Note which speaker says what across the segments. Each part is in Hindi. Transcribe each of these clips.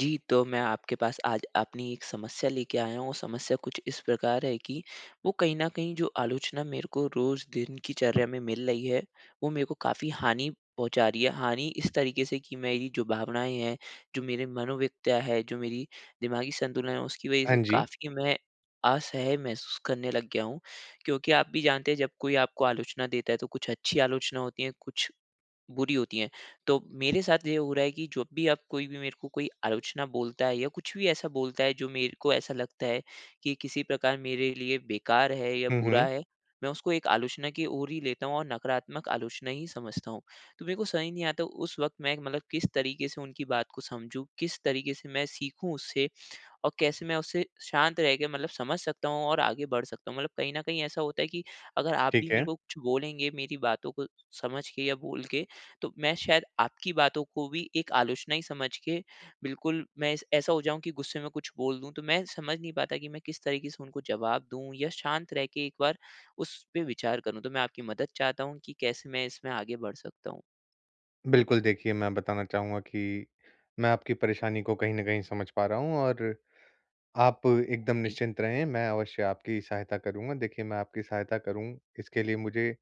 Speaker 1: जी, तो मैं आपके पास आज अपनी एक समस्या लेके आया हूँ, वो समस्या कुछ इस प्रकार है कि वो कहीं न कहीं, जो आलोचना मेरे को रोज़ दिन की चर्या में मिल रही है, वो मेरे को काफ़ी हानि पहुँचा रही है। हानि इस तरीके से कि मेरी जो भावनाएँ हैं, जो मेरे मनोवक़्त्या है, जो मेरी दिमागी संतुलन है, उसकी वजह
Speaker 2: हाँ
Speaker 1: से
Speaker 2: जी।
Speaker 1: काफ़ी मैं असहज महसूस करने लग गया हूँ। क्योंकि आप भी जानते हैं, जब कोई आपको आलोचना देता है, तो कुछ अच्छी आलोचना होती हैं, कुछ बुरी होती हैं, तो मेरे साथ ये हो रहा है कि जब भी अब कोई भी मेरे को कोई आलोचना बोलता है या कुछ भी ऐसा बोलता है, जो मेरे को ऐसा लगता है कि किसी प्रकार मेरे लिए बेकार है या
Speaker 2: हुँ,
Speaker 1: बुरा
Speaker 2: हुँ।
Speaker 1: है, मैं उसको एक आलोचना की ओर ही लेता हूँ और नकारात्मक आलोचना ही समझता हूँ। तो मेरे को समझ ही नहीं आता, उस वक़्त मैं एक मतलब किस तरीके से उनकी बात को समझूँ, किस तरीके से मैं सीखूँ उससे और कैसे मैं उससे शांत रह के, मतलब समझ सकता हूँ और आगे बढ़ सकता हूँ? मतलब कहीं न कहीं ऐसा होता है कि अगर आप भी
Speaker 2: ठीक
Speaker 1: मेरे
Speaker 2: है।
Speaker 1: को कुछ बोलेंगे, मेरी बातों को समझ के या बोल के, तो मैं शायद आपकी बातों को भी एक आलोचना ही समझ के बिल्कुल, मैं इस ऐसा हो जाऊँ कि गुस्से में कुछ बोल दूँ। तो मैं समझ नहीं पाता कि मैं किस तरीके से उनको जवाब दूँ या शांत रह के एक बार उसपे विचार करूँ? तो मैं आपकी मदद चाहता हूँ कि कैसे मैं इसमें आगे बढ़ सकता हूँ?
Speaker 2: बिल्कुल, देखिए मैं बताना चाहूँगा कि मैं आपकी परेशानी को कहीं न कहीं समझ पा रहा हूँ और आप एकदम
Speaker 1: जी।
Speaker 2: निश्चिंत रहें, मैं अवश्य आपकी सहायता करूँगा। देखिए मैं आपकी सहायता करूँ इसके लिए मुझे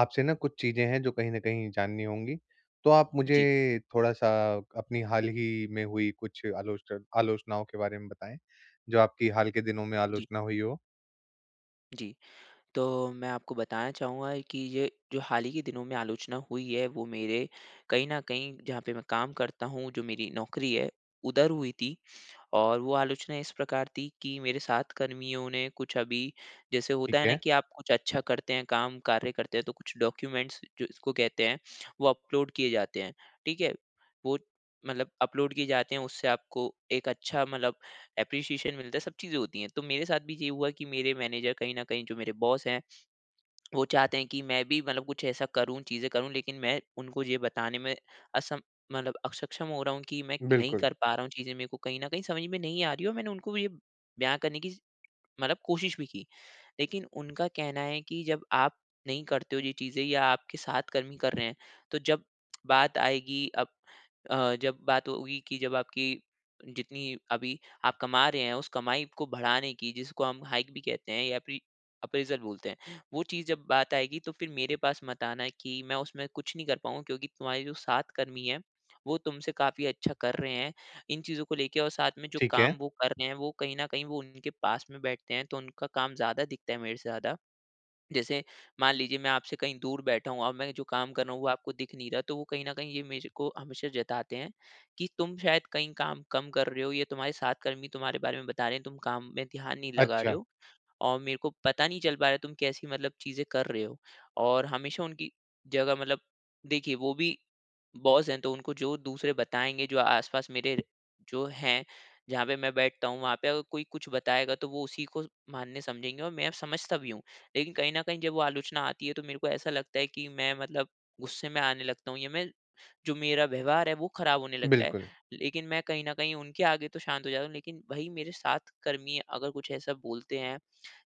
Speaker 2: आपसे ना कुछ चीज़ें हैं जो कहीं न कहीं जाननी होंगी। तो आप
Speaker 1: जी।
Speaker 2: मुझे थोड़ा-सा अपनी हाल ही में हुई कुछ आलोच आलोचनाओं के बारे में बताएँ जो आपकी हाल के दिनों में
Speaker 1: जी।
Speaker 2: आलोचना हुई हो।
Speaker 1: जी। तो मैं आपको बताना चाहूँगा कि ये, जो हाल ही के दिनों में आलोचना हुई है वो मेरे कहीं न कहीं जहाँ पे मैं काम करता हूँ, जो मेरी नौकरी है उधर हुई थी। और वो आलोचना इस प्रकार थी कि मेरे साथ कर्मियों ने कुछ अभी जैसे
Speaker 2: ठीक
Speaker 1: होता है ना
Speaker 2: है।
Speaker 1: कि आप कुछ अच्छा करते हैं काम कार्य करते हैं तो कुछ डॉक्यूमेंट्स जो जिसको कहते हैं वो अपलोड किए जाते हैं, ठीक है? वो मतलब अपलोड किए जाते है उससे आपको एक अच्छा मतलब एप्रीशिएशन मिलता है, सब चीज़ें होती हैं, तो मेरे साथ भी ये हुआ कि मेरे मैनेजर कहीं न कहीं जो मेरे बॉस हैं, वो चाहते हैं कि मैं भी मतलब कुछ ऐसा करूँ, चीज़ें करूँ, लेकिन मैं उनको ये बताने में असम मतलब असक्षम हो रहा हूँ कि मैं नहीं
Speaker 2: बिल्कुल।
Speaker 1: कर पा रहा हूँ चीज़ें। मेरे को कहीं न कहीं समझ में नहीं आ रहीं और मैंने उनको भी ये बयाँ करने की मतलब कोशिश भी की। लेकिन उनका कहना है कि जब आप नहीं करते हो ये चीज़ें या आपके साथ कर्मी कर रहे हैं तो जब बात आएगी अब अ, जब बात होगी कि जब आपकी जितनी अभी आप कमा रहे हैं उस कमाई को बढ़ाने की जिसको हम हाइक भी कहते हैं या फिर, अप्रेज़ल बोलते हैं वो चीज़ जब बात आएगी तो फिर मेरे पास मत आना की मैं उसमें कुछ नहीं कर पाऊँगा क्योंकि तुम्हारे जो साथ कर्मी है वो तुमसे काफ़ी अच्छा कर रहे हैं। इन चीज़ों को लेके और साथ में जो
Speaker 2: ठीक है।
Speaker 1: काम वो कर रहे हैं वो कहीं न कहीं वो उनके पास में बैठते हैं तो उनका काम ज़्यादा दिखता है मेरे से ज़्यादा। जैसे मान लीजिए मैं आपसे कहीं दूर बैठा हूँ और मैं जो काम कर रहा हूँ वो आपको दिख नहीं रहा तो वो कहीं न कहीं ये मेरे को हमेशा जताते हैं कि तुम शायद कहीं काम कम कर रहे हो या तुम्हारे साथ कर्मी तुम्हारे बारे में बता रहे हैं तुम काम में ध्यान नहीं लगा रहे
Speaker 2: अच्छा।
Speaker 1: हो और मेरे को पता नहीं चल पा रहा है तुम कैसी मतलब चीज़ें कर रहे हो। और हमेशा उनकी जगह मतलब देखिए वो भी बॉस हैं, तो उनको जो दूसरे बताएँगे जो आस-पास मेरे जो हैं, जहाँ पे मैं बैठता हूँ वहाँ पे अगर कोई कुछ बताएगा तो वो उसी को मानने समझेंगे और मैं समझता भी हूँ। लेकिन कहीं न कहीं जब वो आलोचना आती है तो मेरे को ऐसा लगता है कि मैं मतलब गुस्से में आने लगता हूँ या मैं जो मेरा व्यवहार है वो खराब होने लगता है।
Speaker 2: बिल्कुल।
Speaker 1: लेकिन मैं कहीं न कहीं उनके आगे तो शांत हो जाता हूँ लेकिन वहीं मेरे साथ कर्मी अगर कुछ ऐसा बोलते हैं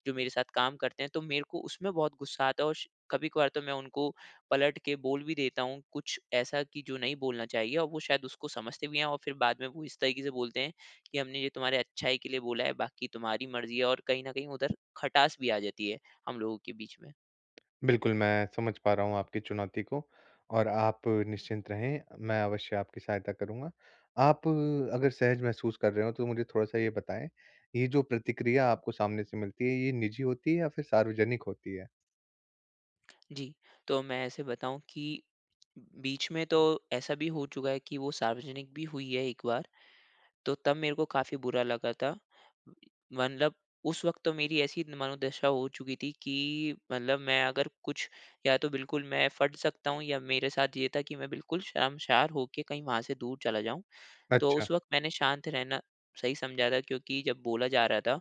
Speaker 1: जो मेरे साथ काम करते हैं तो मेरे को उसमें बहुत गुस्सा आता है। और श कभी-कभार तो मैं उनको पलट के बोल भी देता हूँ कुछ ऐसा कि जो नहीं बोलना चाहिए और वो शायद उसको समझते भी हैं और फिर बाद में वो इस तरीके से बोलते हैं कि हमने ये तुम्हारे अच्छाई के लिए बोला है, बाकी तुम्हारी मर्ज़ी है और कहीं न कहीं उधर खटास भी आ जाती है हम लोगों के बीच में।
Speaker 2: बिल्कुल। मैं समझ पा रहा हूँ आपकी चुनौती को और आप निश्चिंत रहें, मैं अवश्य आपकी सहायता करूँगा। आप अगर सहज महसूस कर रहे हों तो मुझे थोड़ा-सा ये बताएँ, ये जो प्रतिक्रिया आपको सामने से मिलती है, ये निजी होती है या फिर सार्वजनिक होती है?
Speaker 1: जी। तो मैं ऐसे बताऊँ कि, बीच में तो ऐसा भी हो चुका है कि वो सार्वजनिक भी हुई है एक बार। तो तब मेरे को काफ़ी बुरा लगा था। मतलब उस वक़्त तो मेरी ऐसी मनोदशा हो चुकी थी कि मतलब मैं अगर कुछ या तो बिल्कुल मैं फट सकता हूँ या मेरे साथ ये था कि मैं बिल्कुल शर्मशार होके कहीं वहाँ से दूर चला जाऊँ। तो
Speaker 2: अच्छा।
Speaker 1: उस वक़्त मैंने शांत रहना सही समझा था क्योंकि जब बोला जा रहा था।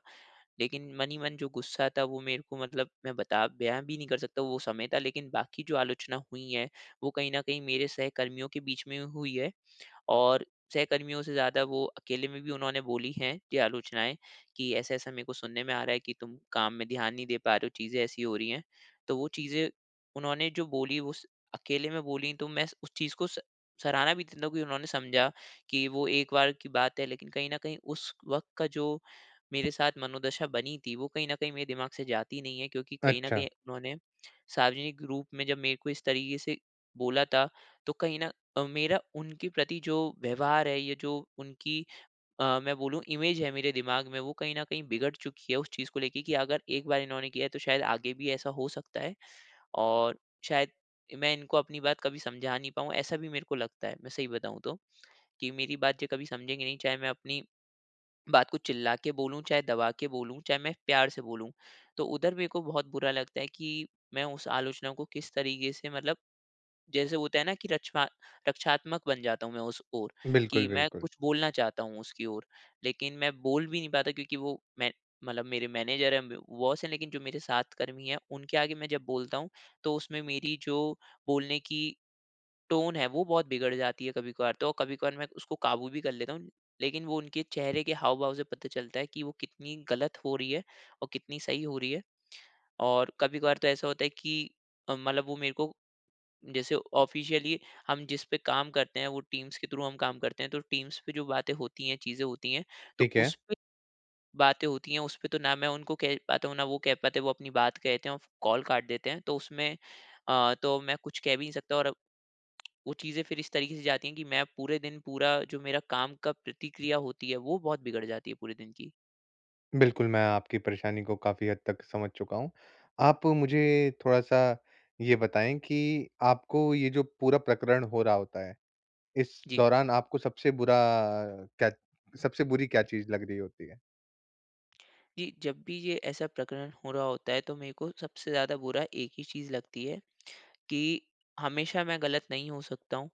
Speaker 1: लेकिन मन ही मन जो गुस्सा था वो मेरे को मतलब मैं बता बयाँ भी नहीं कर सकता वो समय था। लेकिन बाकी जो आलोचना हुई है वो कही न कही मेरे सहकर्मियों के बीच में हुई है। और सहकर्मियों से ज़्यादा वो अकेले में भी उन्होंने बोली है कि आलोचनाएँ कि ऐसा-ऐसा मेरे को सुनने में आ रहा है कि तुम काम में ध्यान नहीं दे पा रहे हो चीज़े ऐसी हो रही हैं। तो वो चीज़ें उन्होंने जो बोली वो उस अकेले में बोली तो मैं उस चीज़ को स सराहना भी देता हूँ कि उन्होंने समझा कि वो एक बार की बात है। लेकिन कहीं न कहीं उस वक़्त का जो मेरे साथ मनोदशा बनी थी वो कहीं न कहीं मेरे दिमाग से जाती नहीं है। क्योंकि कहीं न कहीं
Speaker 2: अच्छा।
Speaker 1: उन्होंने, सार्वजनिक रूप में जब मेरे को इस तरीके से बोला था। तो कही न मेरा उनके प्रति जो व्यवहार है या जो उनकी अ, मैं बोलूँ इमेज़ है मेरे दिमाग में वो कहीं न कहीं बिगड़ चुकी है उस चीज़ को लेके कि अगर एक बार इन्होने किया है तो शायद आगे भी ऐसा हो सकता है। और शायद मैं इनको अपनी बात कभी समझा नहीं पाऊँ ऐसा भी मेरे को लगता है। मैं सही बताऊँ तो, कि मेरी बात जे कभी समझेंगे नहीं चाहे मैं अपनी बात को चिल्ला के बोलूँ, चाहे दबा के बोलूँ, चाहे मैं प्यार से बोलूँ। तो उधर मेरे को बहुत बुरा लगता है कि मैं उस आलोचना को किस तरीके से मतलब जैसे होता है न कि रचना रक्षात्मक बन जाता हूँ मैं उस ओर,
Speaker 2: बिल्कुल,
Speaker 1: कि मैं
Speaker 2: बिल्कुल।
Speaker 1: कुछ बोलना चाहता हूँ उसकी ओर लेकिन मैं बोल भी नहीं पाता क्योंकि वो मैं मतलब मेरे मैनेज़र हैं ब बॉस है लेकिन जो मेरे साथ कर्मी हैं उनके आगे मैं जब बोलता हूँ तो उसमें मेरी जो बोलने की टोन है वो बहुत बिगड़ जाती है कभी-कभार। तो कभी-कभार मैं उसको काबू भी कर लेता हूँ। लेकिन वो उनके चेहरे के हाव-भाव से पता चलता है कि वो कितनी गलत हो रही है और कितनी सही हो रही है। और कभी-कभार तो ऐसा होता है कि अ, मतलब वो मेरे को जैसे ऑफ़िशियली हम जिस पे काम करते हैं वो टीम्स के थ्रू हम काम करते हैं। तो टीम्स पे जो बाते होती हैं, चीज़ें होती हैं तो
Speaker 2: ठीक है।
Speaker 1: उसपे बातें होती हैं उसपे तो ना मैं उनको कह पाता हूँ ना वो कह पाते हैं। वो अपनी बात कहते हैं और कॉल काट देते हैं। तो उसमें अ, तो मैं कुछ कह भी नहीं सकता और अब वो चीज़ें फ़िर इस तरीके से जाती हैं कि मैं पूरे दिन पूरा जो मेरा काम का प्रतिक्रिया होती है वो बहुत बिगड़ जाती है पूरे दिन की।
Speaker 2: बिल्कुल मैं आपकी परेशानी को काफ़ी हद तक समझ चुका हूँ। आप मुझे थोड़ा-सा ये बताएँ कि आपको ये जो पूरा प्रकरण हो रहा होता है, इस
Speaker 1: जी।
Speaker 2: दौरान आपको सबसे बुरा क्या सबसे बुरी क्या चीज़ लग रही होती है?
Speaker 1: जी। जब भी ये ऐसा प्रकरण हो रहा होता है तो मेरे को सबसे ज़्यादा बुरा एक ही चीज़ लगती है कि हमेशा मैं ग़लत नहीं हो सकता हूँ।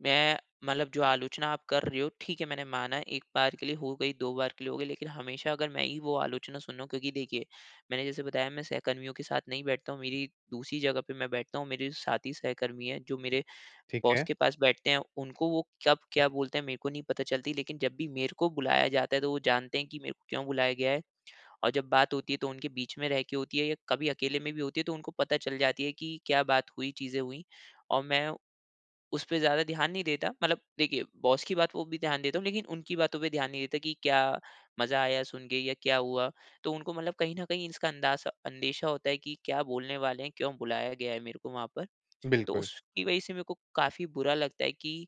Speaker 1: मैं मतलब जो आलोचना आप कर रहे हो ठीक है, मैंने माना 1 बार के लिए हो गयी, 2 बार के लिए हो गयी लेकिन हमेशा अगर मैं ही वो आलोचना सुनू क्योंकि देखिए मैंने जैसे बताया मैं सहकर्मियों के साथ नहीं बैठता हूँ मेरी दूसरी जगह पे मैं बैठता हूँ। मेरे साथ ही सहकर्मी है जो मेरे
Speaker 2: ठीक
Speaker 1: बॉस
Speaker 2: है।
Speaker 1: के पास बैठते हैं उनको वो कब क्या बोलते है मेरे को नहीं पता चलती। लेकिन जब भी मेरे को बुलाया जाता है तो वो जानते है कि मेरे को क्यों बुलाया गया है। और जब बात होती है तो उनके बीच में रह के होती है या कभी अकेले में भी होती है तो उनको पता चल जाती है कि क्या बात हुई, चीज़े हुई। और मैं उसपे ज़्यादा ध्यान नहीं देता। मतलब देखिए बॉस की बात को भी ध्यान देता हूँ लेकिन उनकी बातों पे ध्यान नहीं देता कि क्या मज़ा आया सुनके या क्या हुआ। तो उनको मतलब कहीं न कहीं इसका अंदाज़ा अंदेशा होता है कि क्या बोलने वाले हैं क्यों बुलाया गया है मेरे को वहाँ पर। तो
Speaker 2: बिल्कुल।
Speaker 1: उसकी वजह से मेरे को काफ़ी बुरा लगता है कि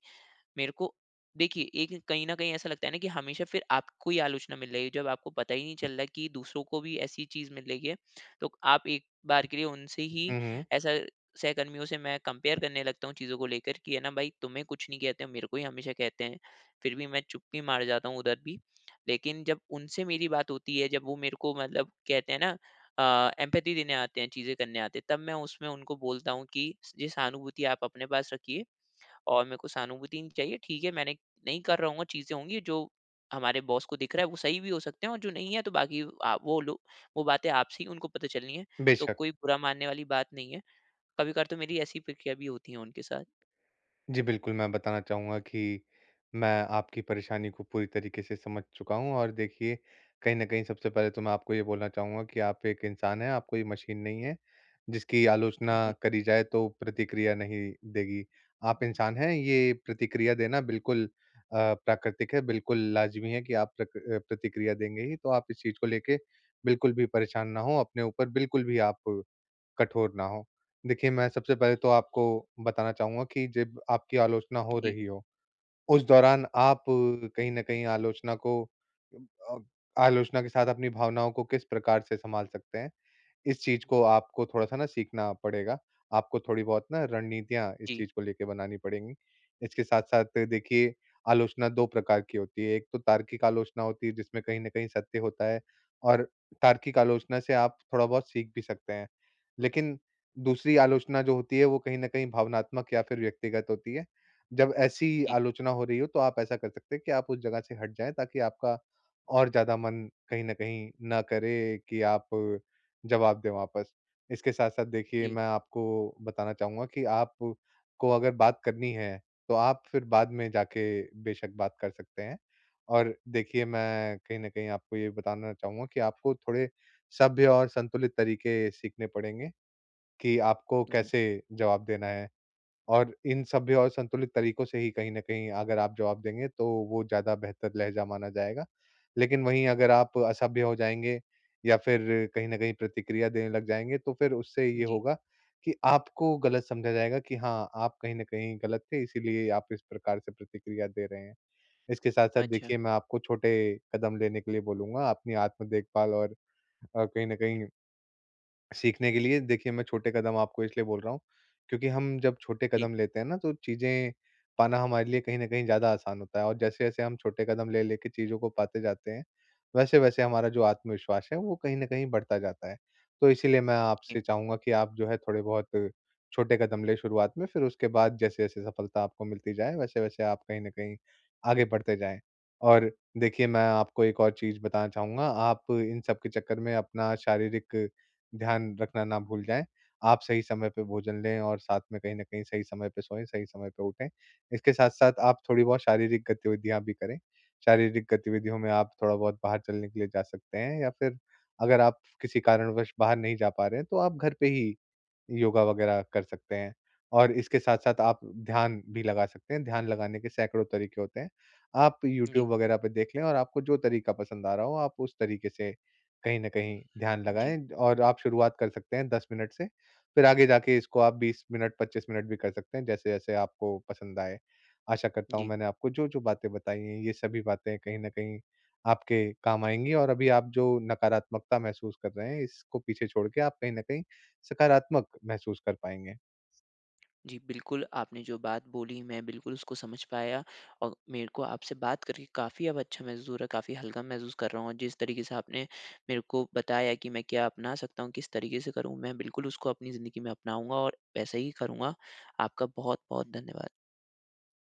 Speaker 1: मेरे को देखिए एक कहीं न कहीं ऐसा लगता है ना कि हमेशा फिर आपको ही आलोचना मिल रही है। जब आपको पता ही नहीं चल रहा है कि दूसरों को भी ऐसी चीज़ मिल रही है तो आप एक बार के लिए उनसे ही
Speaker 2: हुँ, हुँ।
Speaker 1: ऐसा सहकर्मियों से मैं कंपेयर करने लगता हूँ चीज़ों को लेकर कि है ना भाई तुम्हें कुछ नहीं कहते मेरे को ही हमेशा कहते है। फिर भी मैं चुप्पी मार जाता हूँ उधर भी। लेकिन जब उनसे मेरी बात होती है जब वो मेरे को मतलब कहते है ना। अ, एम्पैथी देने आते हैं चीज़ें करने आते है तब मैं उसमें उनको बोलता हूँ कि ये सहानुभूति आप अपने पास रखिए और मेरे को सहानुभूति नहीं चाहिए। ठीक है मैंने नहीं कर रहा हूँगा, चीज़ें होंगी जो हमारे बॉस को दिख रहा है वो सही भी हो सकते हैं और जो नहीं है तो बाकी अ, वो लोग वो बातें आपसे ही उनको पता चलनी है। तो
Speaker 2: बेशक़।
Speaker 1: कोई बुरा मानने वाली बात नहीं है। कभी-कभार तो मेरी ऐसी प्रक्रिया भी होती है उनके साथ।
Speaker 2: जी, बिल्कुल। मैं बताना चाहूँगा कि मैं आपकी परेशानी को पूरी तरीके से समझ चुका हूँ और देखिए कहीं न कहीं सबसे पहले तो मैं आपको ये बोलना चाहूँगा कि आप एक इंसान हैं आप कोई ये मशीन नहीं है जिसकी
Speaker 1: उम,
Speaker 2: आलोचना
Speaker 1: जी।
Speaker 2: करी जाए तो प्रतिक्रिया नहीं देगी। आप इंसान हैं ये प्रतिक्रिया देना बिल्कुल अ, प्राकृतिक है बिल्कुल लाज़मी है कि आप प्रक प्रतिक्रिया देंगे ही। तो आप इस चीज़ को लेके बिल्कुल भी परेशान ना हो, अपने ऊपर बिल्कुल भी आप कठोर ना हो। देखिए मैं सबसे पहले तो आपको बताना चाहूँगा कि जब आपकी आलोचना हो
Speaker 1: जी।
Speaker 2: रही हो, उस दौरान आप कहीं न कहीं आलोचना को अ, आलोचना के साथ अपनी भावनाओं को किस प्रकार से संभाल सकते हैं। इस चीज़ को आपको थोड़ा सा ना सीखना पड़ेगा। आपको थोड़ी बहुत ना रणनीतियाँ इस
Speaker 1: जी।
Speaker 2: चीज़ को लेके बनानी पड़ेगी। इसके साथ-साथ देखिए, आलोचना 2 प्रकार की होती है, एक तो तार्किक आलोचना होती है जिसमें कहीं न कहीं सत्य होता है। और तार्किक आलोचना से आप थोड़ा बहुत सीख भी सकते हैं। लेकिन दूसरी आलोचना जो होती है वो कहीं न कहीं भावनात्मक या फिर व्यक्तिगत होती है। जब ऐसी
Speaker 1: जी।
Speaker 2: आलोचना हो रही हो तो आप ऐसा कर सकते हैं कि आप उस जगह से हट जाएँ ताकि आपका और ज़्यादा मन कहीं न कहीं ना करे कि आप जवाब दे वापस। इसके साथ-साथ देखिए
Speaker 1: जी।
Speaker 2: मैं आपको बताना चाहूँगा कि आप को अगर बात करनी है तो आप फिर बाद में जाके बेशक बात कर सकते हैं। और देखिए मैं कहीं न कहीं आपको ये बताना चाहूँगा कि आपको थोड़े सभ्य और संतुलित तरीके सीखने पड़ेंगे कि आपको
Speaker 1: जी।
Speaker 2: कैसे जवाब देना है। और इन सभ्य और संतुलित तरीकों से ही कहीं न कहीं अगर आप जवाब देंगे तो वो ज़्यादा बेहतर लहज़ा माना जाएगा। लेकिन वही अगर आप असभ्य हो जाएँगे या फिर कहीं न कहीं प्रतिक्रिया देने लग जाएँगे तो फिर उससे ये
Speaker 1: जी।
Speaker 2: होगा कि आपको ग़लत समझा जाएगा कि हाँ, आप कहीं न कहीं ग़लत थे इसीलिए आप इस प्रकार से प्रतिक्रिया दे रहे हैं। इसके साथ-साथ
Speaker 1: अच्छा।
Speaker 2: देखिए मैं आपको छोटे कदम लेने के लिए बोलूँगा अपनी आत्म देखभाल और अ, कहीं न कहीं सीखने के लिए। देखिए मैं छोटे कदम आपको इसलिए बोल रहा हूँ, क्योंकि हम जब छोटे
Speaker 1: जी।
Speaker 2: कदम लेते हैं ना तो चीज़ें पाना हमारे लिए कहीं न कहीं ज़्यादा आसान होता है। और जैसे-जैसे हम छोटे कदम ले लेके चीज़ों को पाते जाते हैं, वैसे-वैसे हमारा जो आत्मविश्वास है वो कहीं न कहीं बढ़ता जाता है। तो इसीलिए मैं
Speaker 1: हुँ।
Speaker 2: आपसे चाहूँगा कि आप जो है थोड़े बहुत छोटे कदम लें शुरुआत में, फिर उसके बाद जैसे-जैसे सफलता आपको मिलती जाए, वैसे-वैसे आप कहीं न कहीं आगे बढ़ते जाएँ। और देखिए मैं आपको एक और चीज़ बताना चाहूँगा, आप इन सब के चक्कर में अपना शारीरिक ध्यान रखना ना भूल जाएँ। आप सही समय पर भोजन लें और साथ में कहीं न कहीं सही समय पे सोएँ, सही समय पर उठें। इसके साथ-साथ आप थोड़ी बहुत शारीरिक गतिविधियाँ भी करें। शारीरिक गतिविधियों में आप थोड़ा बहुत बाहर चलने के लिए जा सकते हैं या फिर अगर आप किसी कारणवश बाहर नहीं जा पा रहे हैं तो आप घर पे ही योगा वगैरह कर सकते हैं। और इसके साथ-साथ आप ध्यान भी लगा सकते हैं। ध्यान लगाने के सैकड़ों तरीके होते हैं। आप
Speaker 1: हुँ, जी।
Speaker 2: यूट्यूब वगैरह पे देखें और आपको जो तरीका पसंद आ रहा हो आप उस तरीके से कहीं न कहीं ध्यान
Speaker 1: जी।
Speaker 2: लगाएँ। और आप शुरुआत कर सकते हैं 10 मिनट से, फिर आगे जाके इसको आप 20 मिनट 25 मिनट भी कर सकते हैं जैसे-जैसे आपको पसंद आए। आशा करता हूँ
Speaker 1: जी।
Speaker 2: मैंने आपको जो-जो बातें बताई हैं, ये सभी बातें कहीं न कहीं आपके काम आएँगी और अभी आप जो नकारात्मकता महसूस कर रहे हैं, इसको पीछे छोड़ के आप कहीं न कहीं सकारात्मक महसूस कर पाएँगे।
Speaker 1: जी बिल्कुल। आपने जो बात बोली मैं बिल्कुल उसको समझ पाया। और मेरे को आपसे बात करके काफ़ी अच्छा महसूस हो रहा है, काफ़ी हल्का महसूस कर रहा हूँ और जिस तरीके से आपने मेरे को बताया कि मैं क्या अपना सकता हूँ, किस तरीके से करूँ, मैं बिल्कुल उसको अपनी ज़िंदगी में अपनाऊँगा और वैसे ही करूँगा। आपका बहुत-बहुत धन्यवाद।